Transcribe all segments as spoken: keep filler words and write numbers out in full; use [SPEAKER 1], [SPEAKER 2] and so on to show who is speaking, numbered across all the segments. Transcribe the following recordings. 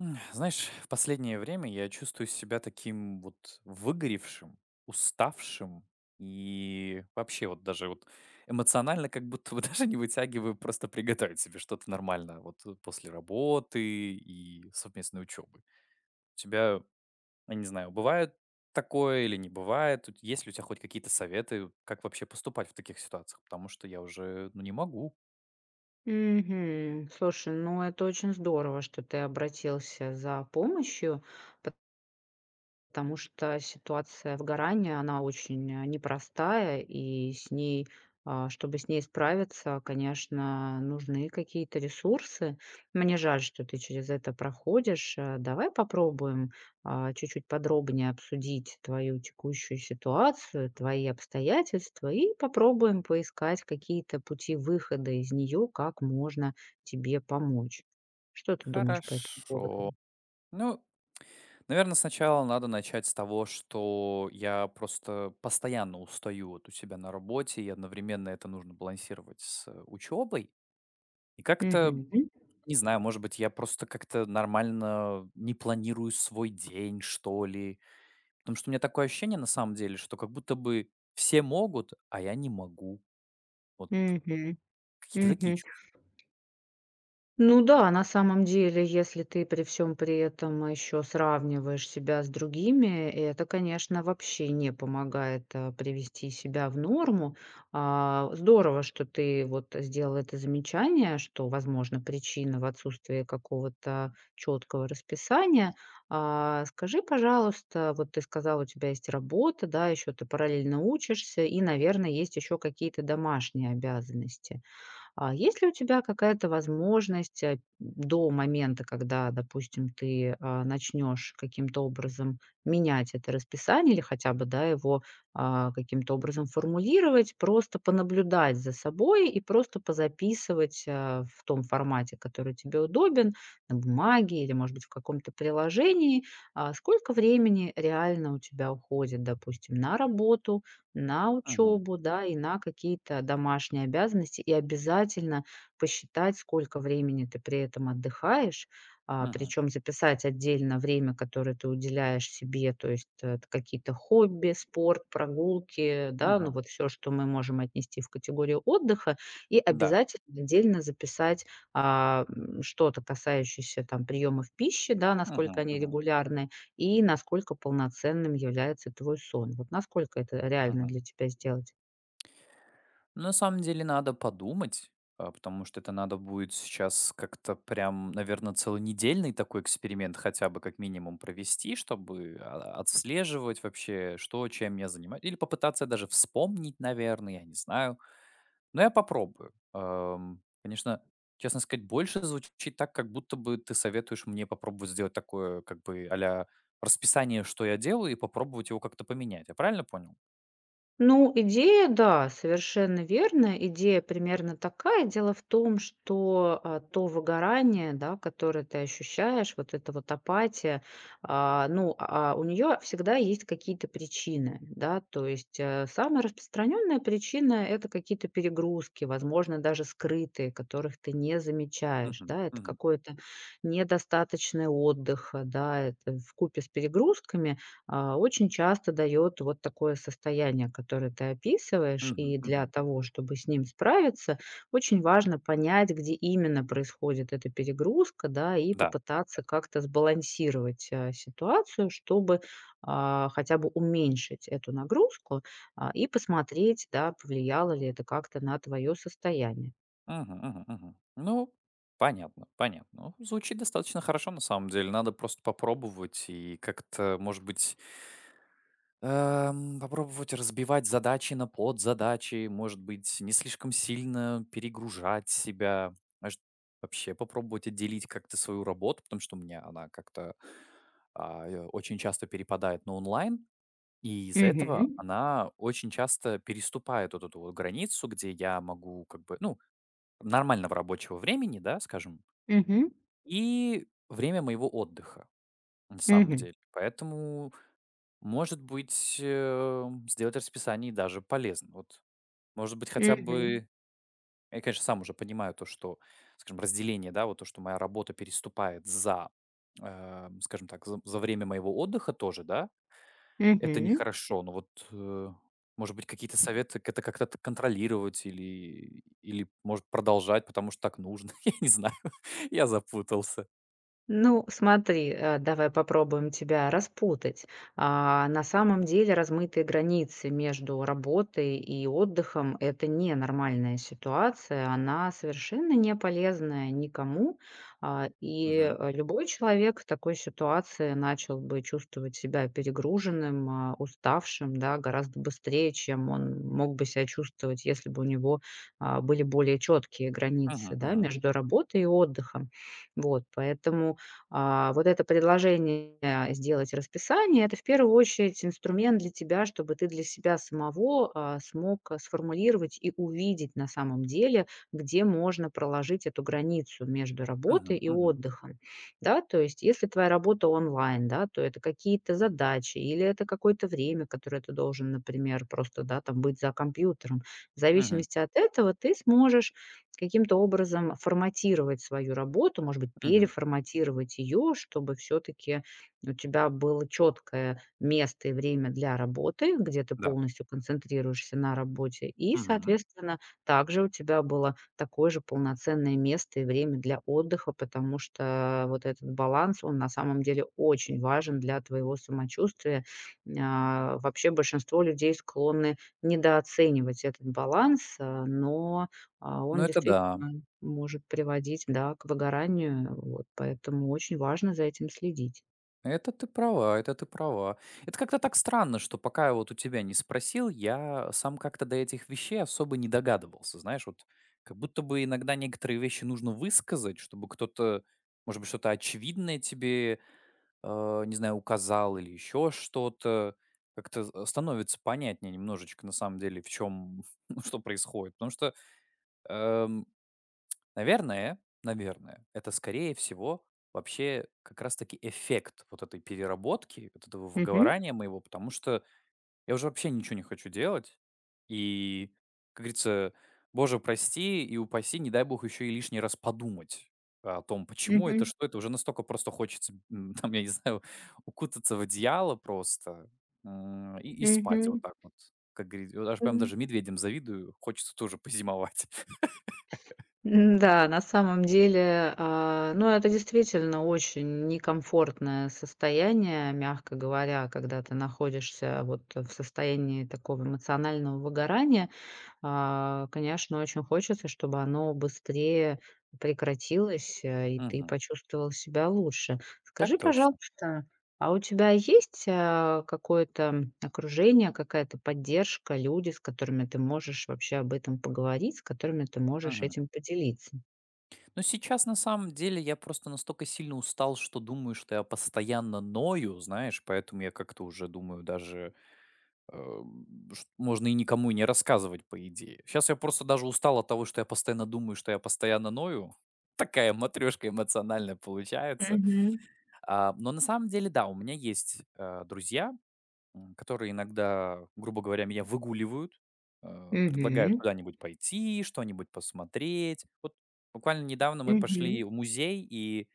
[SPEAKER 1] Знаешь, в последнее время я чувствую себя таким вот выгоревшим, уставшим и вообще, вот, даже, вот, эмоционально как будто бы даже не вытягиваю просто приготовить себе что-то нормальное вот, э, после работы и совместной учёбы. У тебя, я не знаю, бывает такое или не бывает? Вот есть ли у тя хоть какие-то советы, как вообще поступать в таких ситуациях? Потому что я уже, ну, не могу.
[SPEAKER 2] Мгм. Слушай, ну, это очень здорово, что ты обратился за помощью, пот потому что ситуация выгорания, она очень, э, непростая, и с ней, э, чтобы с ней справиться, конечно, нужны какие-то ресурсы. Мне жаль, что ты через это проходишь. Э, давай попробуем, а, чуть-чуть подробнее обсудить твою текущую ситуацию, твои обстоятельства, и попробуем поискать какие-то пути выхода из неё, как можно тебе помочь. Что ты думаешь по этому
[SPEAKER 1] Хорошо.
[SPEAKER 2] поводу?
[SPEAKER 1] Ну, наверно, сначала надо начать с того, что я просто постоянно устаю вот у себя на работе, и одновременно это нужно балансировать с, э, учёбой. И как-то, м,
[SPEAKER 2] Мгм.
[SPEAKER 1] не знаю, может быть, я просто как-то нормально не планирую свой день, что ли. Потому что у меня такое ощущение, на самом деле, что как будто бы все могут, а я не могу. Вот
[SPEAKER 2] Мгм,
[SPEAKER 1] какие-то такие
[SPEAKER 2] мгм.
[SPEAKER 1] чувства.
[SPEAKER 2] Ну да, на самом деле, если ты при всём при этом ещё сравниваешь себя с другими, это, конечно, вообще не помогает, э, привести себя в норму. А, здорово, что ты вот сделал это замечание, что, возможно, причина в отсутствии какого-то чёткого расписания. А, скажи, пожалуйста, вот ты сказал, у тебя есть работа, да, ещё ты параллельно учишься и, наверно, есть ещё какие-то домашние обязанности. А, есть ли у тебя какая-то возможность, а, до момента, когда, допустим, ты, э, начнёшь каким-то образом менять это расписание или хотя бы, да, его, а, каким-то образом формулировать, просто понаблюдать за собой? И просто позаписывать, э, в том формате, который тебе удобен, на бумаге или, может быть, в каком-то приложении, а, сколько времени реально у тебя уходит, допустим, на работу, на
[SPEAKER 1] Мгм.
[SPEAKER 2] учёбу, да, и на какие-то домашние обязанности. И обязательно посчитать, сколько времени ты при этом отдыхаешь. А,
[SPEAKER 1] Мгм.
[SPEAKER 2] причём записать отдельно время, которое ты уделяешь себе. То есть это какие-то хобби, спорт, прогулки, да, ну,
[SPEAKER 1] Мгм.
[SPEAKER 2] вот всё, что мы можем отнести в категорию отдыха. И
[SPEAKER 1] М-да.
[SPEAKER 2] обязательно отдельно записать, а, м, что-то касающееся, там, приёмов пищи, да, насколько
[SPEAKER 1] Мгм
[SPEAKER 2] они
[SPEAKER 1] мгм.
[SPEAKER 2] регулярны и насколько полноценным является твой сон. Вот насколько это реально
[SPEAKER 1] Мгм.
[SPEAKER 2] для тебя сделать?
[SPEAKER 1] На самом деле, надо подумать, э, потому что это надо будет сейчас как-то прям, наверно, целонедельный такой эксперимент хотя бы как минимум провести, чтобы, а, отслеживать вообще, что, чем я занима или попытаться даже вспомнить, наверно, я не знаю, но я попробую. Эм, конечно, честно сказать, больше звучит так, как будто бы ты советуешь мне попробовать сделать такое как бы "а-ля расписание", что я делаю, и попробовать его как-то поменять. Я правильно понял?
[SPEAKER 2] Ну, идея да, совершенно верно, идея примерно такая. Дело в том, что, э, то выгорание, да, которое ты ощущаешь, вот эта вот апатия, а, ну, а, у неё всегда есть какие-то причины, да? То есть, э, самая распространённая причина- это какие-то перегрузки, возможно, даже скрытые, которых ты не замечаешь,
[SPEAKER 1] Мгм
[SPEAKER 2] да? Это
[SPEAKER 1] мгм.
[SPEAKER 2] какой-то недостаточный отдых, да, это вкупе с перегрузками, а, очень часто даёт вот такое состояние, которое ты описываешь.
[SPEAKER 1] Мгм
[SPEAKER 2] И для
[SPEAKER 1] мгм.
[SPEAKER 2] того чтобы с ним справиться, очень важно понять, где именно происходит эта перегрузка, да, и
[SPEAKER 1] Да.
[SPEAKER 2] попытаться как-то сбалансировать, э, ситуацию, чтобы, а, хотя бы уменьшить эту нагрузку, а, и посмотреть, да, повлияло ли это как-то на твоё состояние.
[SPEAKER 1] Мгм мгм мгм. Ну, понятно, понятно. Ох звучит достаточно хорошо, на самом деле. Надо просто попробовать и как-то, может быть эм, попробовать разбивать задачи на подзадачи, может быть, не слишком сильно перегружать себя. Может, вообще попробовать отделить как-то свою работу, потому что у меня она как-то, а, э очень часто перепадает на онлайн, и из-за этого
[SPEAKER 2] Мгм.
[SPEAKER 1] она очень часто переступает вот эту вот границу, где я могу как бы, ну, нормального рабочего времени, да, скажем
[SPEAKER 2] Мгм.
[SPEAKER 1] и время моего отдыха, на самом
[SPEAKER 2] Мгм.
[SPEAKER 1] деле. Поэтому, может быть, эм, сделать расписание и даже полезно. Вот, может быть, хотя
[SPEAKER 2] Мгм.
[SPEAKER 1] бы я, конечно, сам уже понимаю то, что, скажем, разделение, да, вот то, что моя работа переступает за, э, скажем так, за за время моего отдыха тоже, да? Это
[SPEAKER 2] Мгм.
[SPEAKER 1] нехорошо, но вот, э, может быть, какие-то
[SPEAKER 2] Мгм.
[SPEAKER 1] советы, ката как это контролировать или, или, может, продолжать, потому что так нужно. Я не знаю, я запутался.
[SPEAKER 2] Ну, смотри, э, давай попробуем тебя распутать. А, на самом деле размытые границы между работой и отдыхом- это не нормальная ситуация. Она совершенно не полезная никому. А, и,
[SPEAKER 1] Мгм.
[SPEAKER 2] э, любой человек в такой ситуации начал бы чувствовать себя перегруженным, а, уставшим, да, гораздо быстрее, чем он мог бы ся чувствовать, если бы у него, а, были более чёткие границы,
[SPEAKER 1] Мгм,
[SPEAKER 2] да,
[SPEAKER 1] мгм.
[SPEAKER 2] между работой и отдыхом. Вот, поэтому, а, вот это предложение сделать расписание- это в первую очередь инструмент для тебя, чтобы ты для себя самого, э, смог, э, сформулировать и увидеть на самом деле, где можно проложить эту границу между работой
[SPEAKER 1] Мгм,
[SPEAKER 2] и
[SPEAKER 1] мгм.
[SPEAKER 2] отдыхом, да? То есть если твоя работа онлайн, да, то это какие-то задачи или это какое-то время, которое ты должен, например, просто, да, там быть за компьютером. В
[SPEAKER 1] Мгм.
[SPEAKER 2] зависимости от этого ты сможешь каким-то образом форматировать свою работу, может быть,
[SPEAKER 1] Мгм.
[SPEAKER 2] переформатировать её, чтобы всё-таки у тебя было чёткое место и время для работы, где ты
[SPEAKER 1] Да.
[SPEAKER 2] полностью концентрируешься на работе, и,
[SPEAKER 1] Мгм.
[SPEAKER 2] соответственно, также у тебя было такое же полноценное место и время для отдыха. Потому что вот этот баланс, он, на самом деле, очень важен для твоего самочувствия. М, а, вообще большинство людей склонны недооценивать этот баланс, а, но, а,
[SPEAKER 1] Ну
[SPEAKER 2] он
[SPEAKER 1] это
[SPEAKER 2] действительно
[SPEAKER 1] да.
[SPEAKER 2] может приводить, да, к выгоранию. Вот, поэтому очень важно за этим следить.
[SPEAKER 1] Это ты права это ты права. Это как-то так странно, что пока я вот у тебя не спросил, я сам как-то до этих вещей особо не догадывался. Знаешь, вот, как будто бы иногда некоторые вещи нужно высказать, чтобы кто-то, может быть, что-то очевидное тебе, э, не знаю, указал или ещё что-то. Как-то з становится понятнее немножечко, на самом деле, в чём ну, что происходит. Потому что, эм, наверное наверное, это, скорее всего, вообще как раз таки эффект вот этой переработки, вот этого
[SPEAKER 2] Мгм.
[SPEAKER 1] выговорания моего. Потому что я уже вообще ничего не хочу делать. И, как говорится, боже, прости и упаси, не дай бог, ещё и лишний раз подумать о том, почему это,
[SPEAKER 2] Мгм.
[SPEAKER 1] что это. Уже настолько просто хочется, м, там, я не знаю, укутаться в одеяло просто, м, и и спать вот
[SPEAKER 2] Мгм.
[SPEAKER 1] так вот. Как говорит и вот аж прям
[SPEAKER 2] М.
[SPEAKER 1] даже медведям завидую. Хочется тоже позимовать.
[SPEAKER 2] М-да, на самом деле, э, ну, это действительно очень некомфортное состояние, мягко говоря, когда ты находишься вот в состоянии такого эмоционального выгорания. А, конечно, очень хочется, чтобы оно быстрее прекратилось, э, и ты
[SPEAKER 1] Мгм.
[SPEAKER 2] почувствовал себя лучше.
[SPEAKER 1] Так
[SPEAKER 2] Скажи,
[SPEAKER 1] точно.
[SPEAKER 2] пожалуйста, а у тебя есть, э, какое-то, м, окружение, какая-то поддержка, люди, с которыми ты можешь вообще об этом поговорить, с которыми ты можешь
[SPEAKER 1] Мгм.
[SPEAKER 2] этим поделиться?
[SPEAKER 1] Ну, сейчас, на самом деле, я просто настолько сильно устал, что думаю, что я постоянно ною. Знаешь, поэтому я как-то уже думаю, даже, эм, ш можно и никому и не рассказывать по идее. Щас я просто даже устал от того, что я постоянно думаю, что я постоянно ною. Такая матрёшка эмоциональная получается.
[SPEAKER 2] Мгм.
[SPEAKER 1] А, но на самом деле, да, у меня есть, э, друзья, м, которые иногда, грубо говоря, меня выгуливают, э, предлагают
[SPEAKER 2] Мгм.
[SPEAKER 1] куда-нибудь пойти, что-нибудь посмотреть. Вот буквально недавно мы
[SPEAKER 2] Мгм.
[SPEAKER 1] пошли в музей и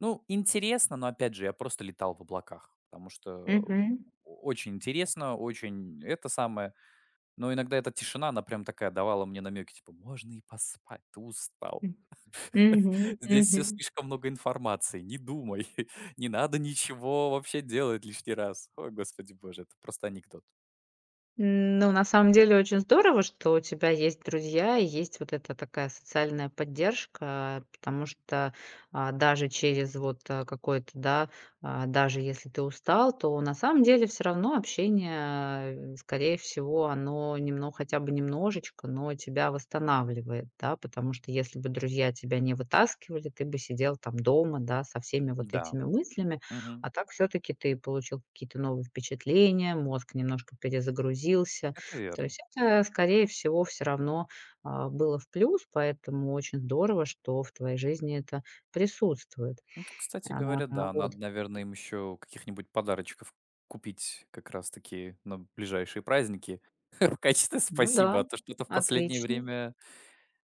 [SPEAKER 1] ну, интересно, но опять же, я просто летал в облаках, потому что, э,
[SPEAKER 2] Мгм.
[SPEAKER 1] очень интересно, очень это самое. Но иногда эта тишина, она прям такая, давала мне намеки, типа: "Можно и поспать, ты устал.
[SPEAKER 2] М, мгм,
[SPEAKER 1] Здесь всё
[SPEAKER 2] мгм.
[SPEAKER 1] слишком много информации. Не думай, не надо ничего вообще делать лишний раз". Ой, господи боже, это просто анекдот.
[SPEAKER 2] М, ну, на самом, деле очень здорово, что у тебя есть друзья и есть вот эта такая социальная поддержка. Потому что, а, даже через вот, а, какое-то, да, а, даже если ты устал, то на самом деле всё равно общение, э, скорее всего, оно немно хотя бы немножечко, но тебя восстанавливает, да? Потому что если бы друзья тебя не вытаскивали, ты бы сидел там дома, да, со всеми вот
[SPEAKER 1] М-да.
[SPEAKER 2] этими мыслями.
[SPEAKER 1] Мгм.
[SPEAKER 2] А так всё-таки ты получил какие-то новые впечатления, мозг немножко перезагрузился.
[SPEAKER 1] Это
[SPEAKER 2] То
[SPEAKER 1] верно.
[SPEAKER 2] есть это, скорее всего, всё равно, э, было в плюс. Поэтому очень здорово, что в твоей жизни это присутствует.
[SPEAKER 1] Это, кстати
[SPEAKER 2] А,
[SPEAKER 1] говоря,
[SPEAKER 2] а,
[SPEAKER 1] да.
[SPEAKER 2] вот
[SPEAKER 1] Надо, наверно,
[SPEAKER 2] и
[SPEAKER 1] им ещё каких-нибудь подарочков купить как раз таки на ближайшие праздники в качестве
[SPEAKER 2] Ну
[SPEAKER 1] спасибо. А
[SPEAKER 2] да,
[SPEAKER 1] то что-то в последнее
[SPEAKER 2] отлично.
[SPEAKER 1] время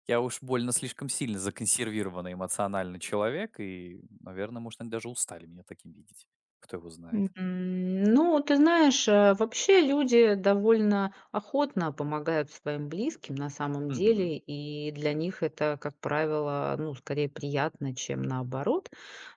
[SPEAKER 1] я уж больно слишком сильно законсервированный эмоционально человек и, наверно, может, они даже устали меня таким видеть. Кто его
[SPEAKER 2] М,
[SPEAKER 1] знает.
[SPEAKER 2] м, ну, ты знаешь, э, вообще люди довольно охотно помогают своим близким, на самом
[SPEAKER 1] Мгм.
[SPEAKER 2] деле. И для них это, как правило, ну, скорее приятно, чем наоборот.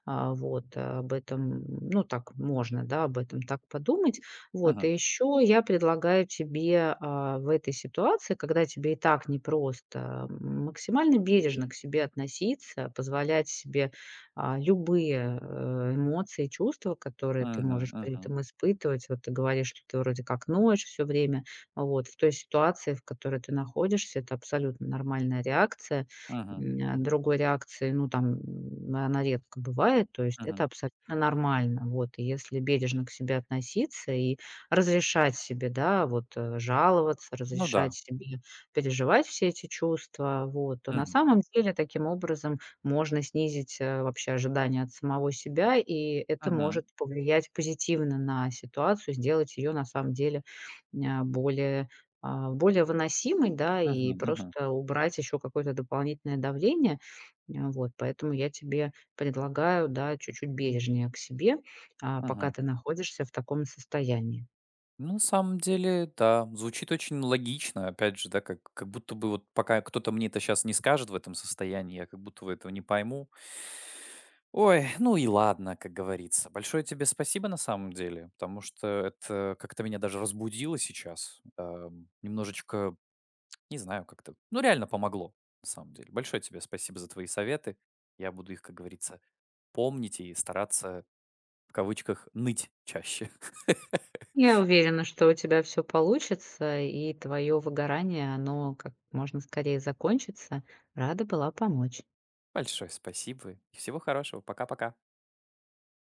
[SPEAKER 2] А, вот, об этом, ну, так можно, да, об этом так подумать. Вот.
[SPEAKER 1] Мгм.
[SPEAKER 2] И еще я предлагаю тебе, э, в этой ситуации, когда тебе и так непросто, м, максимально бережно к себе относиться, позволять себе, а, любые, э, эмоции, чувства, которые ты
[SPEAKER 1] Мгм,
[SPEAKER 2] можешь при
[SPEAKER 1] мгм.
[SPEAKER 2] этом испытывать. Вот ты говоришь, что ты вроде как ноешь всё время, а вот в той ситуации, в которой ты находишься, это абсолютно нормальная реакция,
[SPEAKER 1] Мгм.
[SPEAKER 2] м, а. Другой реакции, ну, там, она редко бывает. То есть это
[SPEAKER 1] Мгм.
[SPEAKER 2] абсолютно нормально. Вот и если бережно к себе относиться и разрешать себе, да, вот, э, жаловаться,
[SPEAKER 1] Ну
[SPEAKER 2] разрешать
[SPEAKER 1] да.
[SPEAKER 2] себе переживать все эти чувства, вот, то, на
[SPEAKER 1] Мгм.
[SPEAKER 2] самом деле, таким образом можно снизить, э, вообще ожидания от самого себя, и это
[SPEAKER 1] Мгм.
[SPEAKER 2] может повлиять позитивно на ситуацию, сделать ее на самом деле ня более, э, более выносимой, да, и
[SPEAKER 1] Мгм, мгм.
[SPEAKER 2] просто убрать еще какое-то дополнительное давление. Э, вот поэтому я тебе предлагаю, да, чуть-чуть бережнее к себе, а, пока
[SPEAKER 1] Мгм.
[SPEAKER 2] ты находишься в таком состоянии.
[SPEAKER 1] Ну, на самом деле, да, звучит очень логично. Опять же, да, как как будто бы, вот, пока кто-то мне это щас не скажет в этом состоянии, я как будто бы этого не пойму. Ой, ну и ладно, как говорится. Большое тебе спасибо, на самом деле, потому что это как-то меня даже разбудило сейчас, эм, немножечко, не знаю, как-то. Ну, реально помогло, на самом деле. Большое тебе спасибо за твои советы. Я буду их, как говорится, помнить и стараться в кавычках "ныть" чаще.
[SPEAKER 2] Я уверена, что у тебя всё получится и твое выгорание, оно как можно скорее закончится. Рада была помочь.
[SPEAKER 1] Большое спасибо и всего хорошего. Пока-пока.